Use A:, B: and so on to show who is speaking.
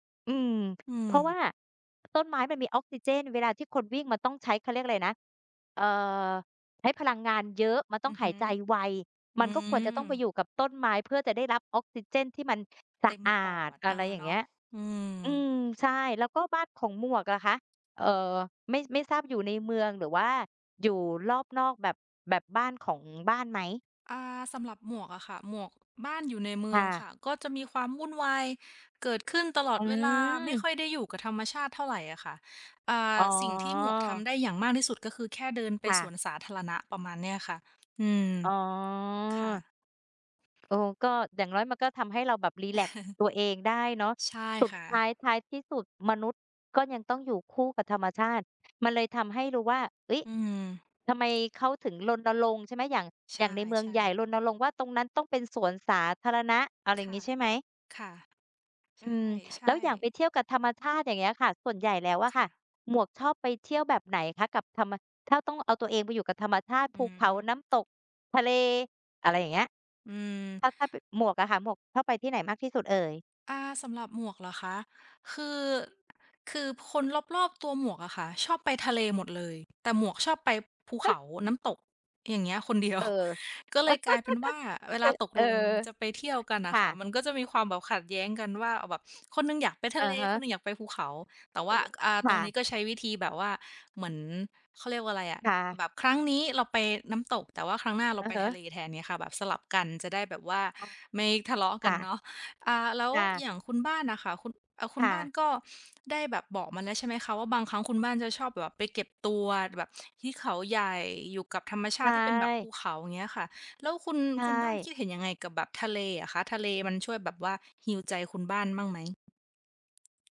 A: อืม
B: อื
A: เพราะว
B: ม
A: ่าต้นไม้มันมีออกซิเจน เวลาที่คนวิ่งมันต้องใช้ เขาเรียกอะไรนะ เอ่อ ใช้พลังงานเยอะ มันต
B: อ
A: ้อ
B: ื
A: ง
B: อ
A: ห
B: ฮ
A: าย
B: ึ
A: ใจไว
B: อื
A: มันก็ควรจะต้องไปอ
B: ม
A: ยู่กับต้นไม้ เพื่อจะได้รับออกซิเจนที่มันส
B: เต
A: ะ
B: ็ม
A: อา
B: ปอ
A: ด
B: ด
A: อ
B: เอ
A: ะ
B: อ
A: ไรอย่า
B: เ
A: ง
B: น
A: เง
B: า
A: ี
B: ะ
A: ้ย
B: อื
A: อื
B: ม
A: ม ใช่ แล้วก็บ้านของหมวกอะคะ เอ่อ ไม่ ไม่ทราบอยู่ในเมืองหรือว่าอยู่รอบนอกแบบ แบบบ้านของบ้านไหม?
B: อ่า สำหรับหมวกอะค่ะ หมวก บ้านอยู่ในเมื
A: ค
B: อ
A: ่
B: งค
A: ะ
B: ่ะ ก็จะมีความวุ่นวายเกิดขึ้นตลอ
A: อ
B: ดเวลา ไม่
A: ื
B: ค
A: ม
B: ่อยได้อยู่กับธรรมชาติเท่าไรอะค่ะ อ่า
A: อ๋
B: สิ่งที่หมวกท
A: อ
B: ำได้อย่างมากที่สุด ก็คือแค่เดินไป
A: ค่
B: ส
A: ะ
B: วนสาธารณะ ประมาณนี้อะค่ะ อืม
A: อ๋อ
B: ค่ะ
A: เออ ก็ อย่างน้อยมันก็ทำให้เราแบบรีแลกซ์ตัวเองได้เนาะ
B: ใช่
A: สุด
B: ค่
A: ท้
B: ะ
A: าย ท้ายที่สุดมนุษย์ก็ยังต้องอยู่คู่กับธรรมชาติ มันเลยทำให้รู้ว่า เฮ้ย
B: อืม
A: ทำไมเขาถึงรณรงค์ ใช่ไหม อย่าง
B: ใช
A: อย่างในเมืองใ
B: ่
A: หญ่
B: ๆ
A: รณรงค์ว่า ตรงนั้นต้องเป็นสวนสาธารณะ อะไรอ
B: ค
A: ย่าง
B: ่
A: ง
B: ะ
A: ี้ใช่ไหม?
B: ค่ะ
A: อืม
B: ใช
A: แล้
B: ่
A: วอย่าง
B: ๆ
A: ไปเที่ยวกับธรรมชาติ อย่างเงี้ยค่ะ ส่วนใหญ่แล้วอะ
B: ค
A: ค
B: ่
A: ่ะ
B: ะ
A: หมวกชอบไปเที่ยวแบบไหนคะ กับธรรมะ ถ้าต้องเอาตัวเองไปอยู่กับธรรมชาติ
B: อ
A: ภ
B: ื
A: ูเขา
B: ม
A: น้ำตก ทะเล อะไรอย่างเงี้ย?
B: อืม
A: ถ้า ถ้า แบบหมวกอะค่ะ หมวกชอบไปที่ไหนมากที่สุดเอ่ย?
B: อ่า สำหรับหมวกเหรอคะ คือ คือคนรอบ ๆ ตัวหมวกอะค่ะ ชอบไปทะเลหมดเลย แต่หมวกชอบไปภูเขา น้ำตก อย่างเงี้ย คนเดียว
A: เออ
B: ก็เลยกลายเป็นว่า เวล
A: อ
B: าตก
A: เออ
B: ลงจะไปเที่ยวกันอ
A: ค
B: ะ
A: ่
B: ค่ะ
A: ะ
B: มันก็จะมีความแบบขัดแย้งกันว่า แบบคนหนึ่งอยากไปท
A: อ
B: ะ
A: ะ
B: เล
A: ฮ
B: คน
A: ะ
B: หนึ่งอยากไปภูเขา แต่ว่
A: เอ
B: า
A: อ
B: อ่า
A: ค
B: ตร
A: ่
B: งนี้
A: ะ
B: ก็ใช้วิธีแบบว่า เหมือน เขาเรียกว่าอะไรอะ
A: ค่ะ
B: แบบครั้งนี้เราไปน้ำตก แต่ว่าครั้งหน้าเร
A: อ
B: า
A: ะ
B: ไป
A: ฮ
B: ท
A: ะ
B: ะเลแทน อย่างเงี้ยค่ะ แบบสลับกันจะได้แบบว่า
A: อ้อ
B: ไม่ทะเลาะ
A: ค
B: กั
A: ่
B: น
A: ะ
B: เนาะ อ่า แล้ว
A: ค่ะ
B: อย่างคุณบ้านอะค่ะ คุณ เอ่อ คุ
A: ค
B: ณ
A: ่ะ
B: บ้านก็ได้แบบบอกมาแล้วใช่ไหมคะว่า บางครั้งคุณบ้านจะชอบแบบไปเก็บตัว แบบที่เขาใหญ่ อยู่กับธรรมช
A: ใช
B: าติที่เป็นแบบภ
A: ่
B: ูเขา อย่างเงี้ยค่ะ แล้วคุณ
A: ใช
B: คุณบ้าน
A: ่
B: คิดเห็นยังไงกับแบบทะเลอะคะ ทะเลมันช่วยแบบว่าฮีลใจคุณบ้านมั่งไหม?